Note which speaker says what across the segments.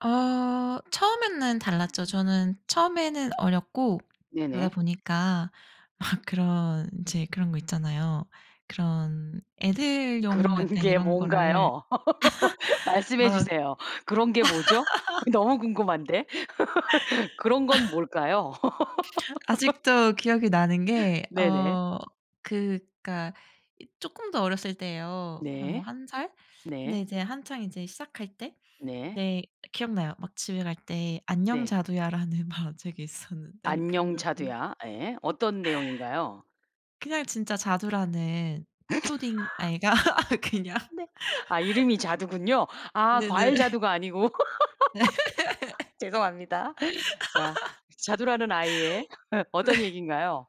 Speaker 1: 어 처음에는 달랐죠. 저는 처음에는 어렸고 그러다
Speaker 2: 네네.
Speaker 1: 보니까 막 그런 이제 그런 거 있잖아요. 그런 애들용
Speaker 2: 그런
Speaker 1: 약간
Speaker 2: 게
Speaker 1: 이런
Speaker 2: 뭔가요?
Speaker 1: 거를
Speaker 2: 말씀해
Speaker 1: 막
Speaker 2: 주세요. 그런 게 뭐죠? 너무 궁금한데 그런 건 뭘까요?
Speaker 1: [unintelligible] 아직도 기억이 나는 게
Speaker 2: 네네.
Speaker 1: 어 그러니까 이 조금 더 어렸을 때예요, 한 뭐
Speaker 2: 네.
Speaker 1: 1 살 근데
Speaker 2: 네.
Speaker 1: 이제 한창 이제 시작할 때.
Speaker 2: 네.
Speaker 1: 네 기억나요. 막 집에 갈 때 안녕
Speaker 2: 네.
Speaker 1: 자두야라는 만화책이 있었는데
Speaker 2: 안녕
Speaker 1: 그걸 빌
Speaker 2: 자두야. 예. 어떤 내용인가요?
Speaker 1: 그냥 진짜 자두라는 초딩 아이가 그냥
Speaker 2: 네. 아 이름이 자두군요? 아
Speaker 1: 네네.
Speaker 2: 과일 자두가 아니고. 죄송합니다. 자 자두라는 아이의
Speaker 1: 네.
Speaker 2: 어떤 얘기인가요?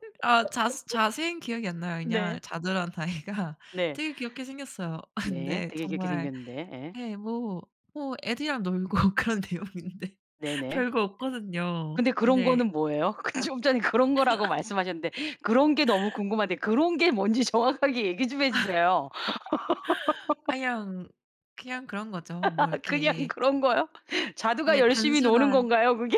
Speaker 1: 아 자세 자세히는 기억이 안 나요. 그냥
Speaker 2: 네.
Speaker 1: 자두라는 아이가
Speaker 2: 네.
Speaker 1: 되게 귀엽게 생겼어요.
Speaker 2: 네.
Speaker 1: 근데
Speaker 2: 되게 귀엽게
Speaker 1: 정말
Speaker 2: 생겼는데 예.
Speaker 1: 예 뭐 뭐 애들이랑 놀고 그런 내용인데
Speaker 2: 네네.
Speaker 1: 별거 없거든요.
Speaker 2: 근데 그런
Speaker 1: 근데
Speaker 2: 거는 뭐예요? 그 좀 전에 그런 거라고 말씀하셨는데 그런 게 너무 궁금한데 그런 게 뭔지 정확하게 얘기 좀 해 주세요.
Speaker 1: 아 그냥 그냥 그런 거죠. 뭐
Speaker 2: 그냥
Speaker 1: 이렇게
Speaker 2: 그런 거요? 자두가
Speaker 1: 예.
Speaker 2: 열심히 노는
Speaker 1: 단순한
Speaker 2: 건가요, 그게?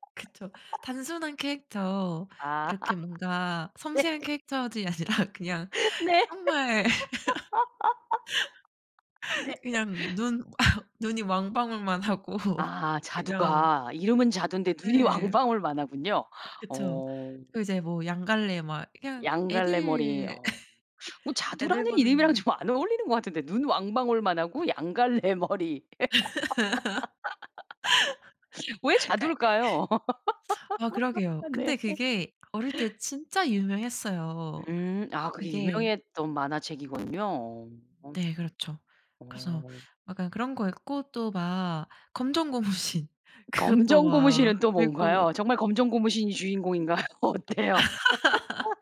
Speaker 1: 그쵸 단순한 캐릭터
Speaker 2: 아.
Speaker 1: 이렇게 뭔가
Speaker 2: 네.
Speaker 1: 섬세한 캐릭터들이 아니라 그냥
Speaker 2: 네.
Speaker 1: 정말
Speaker 2: 네.
Speaker 1: 그냥 눈 눈이 왕방울만 하고
Speaker 2: 아
Speaker 1: 그냥
Speaker 2: 자두가 이름은 자두인데 눈이
Speaker 1: 예.
Speaker 2: 왕방울만 하군요.
Speaker 1: 그쵸.
Speaker 2: 어.
Speaker 1: 그 이제 뭐 양 갈래 막 그냥
Speaker 2: 양 갈래 머리
Speaker 1: 애들
Speaker 2: 어. 어
Speaker 1: 애들
Speaker 2: 자두라는 이름이랑
Speaker 1: 보는
Speaker 2: 좀 안 어울리는 거 같은데 눈 왕방울만하고 양 갈래 머리 왜
Speaker 1: 그러니까 애
Speaker 2: 자두일까요?
Speaker 1: 아 그러게요.
Speaker 2: 네.
Speaker 1: 근데 그게 어릴 때 진짜 유명했어요.
Speaker 2: 음 아 그게
Speaker 1: 그게
Speaker 2: 유명했던 만화책이군요. 어어.
Speaker 1: 네 그렇죠. 그래서
Speaker 2: 어.
Speaker 1: 약간 그런 거 읽고 또 막 검정고무신 그것도 막
Speaker 2: 검정고무신은 또
Speaker 1: 읽고
Speaker 2: 뭔가요? 정말 검정고무신이 주인공인가요? 어때요,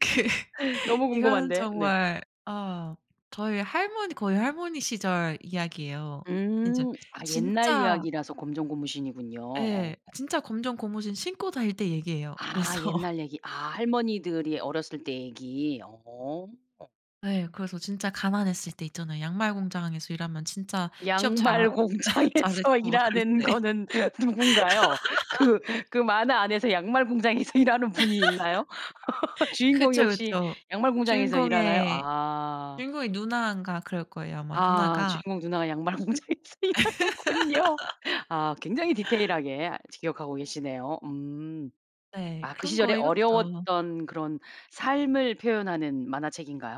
Speaker 1: 그
Speaker 2: 너무
Speaker 1: 이건
Speaker 2: 궁금한데. 네.
Speaker 1: 정말 어 저의 할머니 거의 할머니 시절 이야기예요. 진짜
Speaker 2: 음. 아 옛날
Speaker 1: 진짜
Speaker 2: 이야기라서 검정고무신이군요. 어.
Speaker 1: 예 진짜 검정고무신 신고 다닐 때 얘기예요.
Speaker 2: 아
Speaker 1: 그래서
Speaker 2: 옛날 얘기 아 할머니들이 어렸을 때 얘기. 어.
Speaker 1: 네 그래서 진짜 가난했을 때 있잖아, 양말 공장에서 일하면 진짜 취업 잘 하
Speaker 2: 양말 공장에서
Speaker 1: 잘했고 막 그랬을
Speaker 2: 일하는
Speaker 1: 때.
Speaker 2: 거는 누군가요? 그 그 만화 안에서 양말 공장에서 일하는 분이 있나요? 주인공이
Speaker 1: 그쵸,
Speaker 2: 혹시
Speaker 1: 그쵸.
Speaker 2: 양말 공장에서 일하나요?
Speaker 1: 주인공의
Speaker 2: 아.
Speaker 1: 주인공의 누나인가 그럴 거예요, 아마
Speaker 2: 아
Speaker 1: 누나가.
Speaker 2: 주인공 누나가 양말 공장에서 일하는군요. 아 굉장히 디테일하게 아직 기억하고 계시네요. 음.
Speaker 1: 네.
Speaker 2: 아 그
Speaker 1: 그런
Speaker 2: 시절에
Speaker 1: 거 읽었죠.
Speaker 2: 어려웠던 그런 삶을 표현하는 만화책인가요?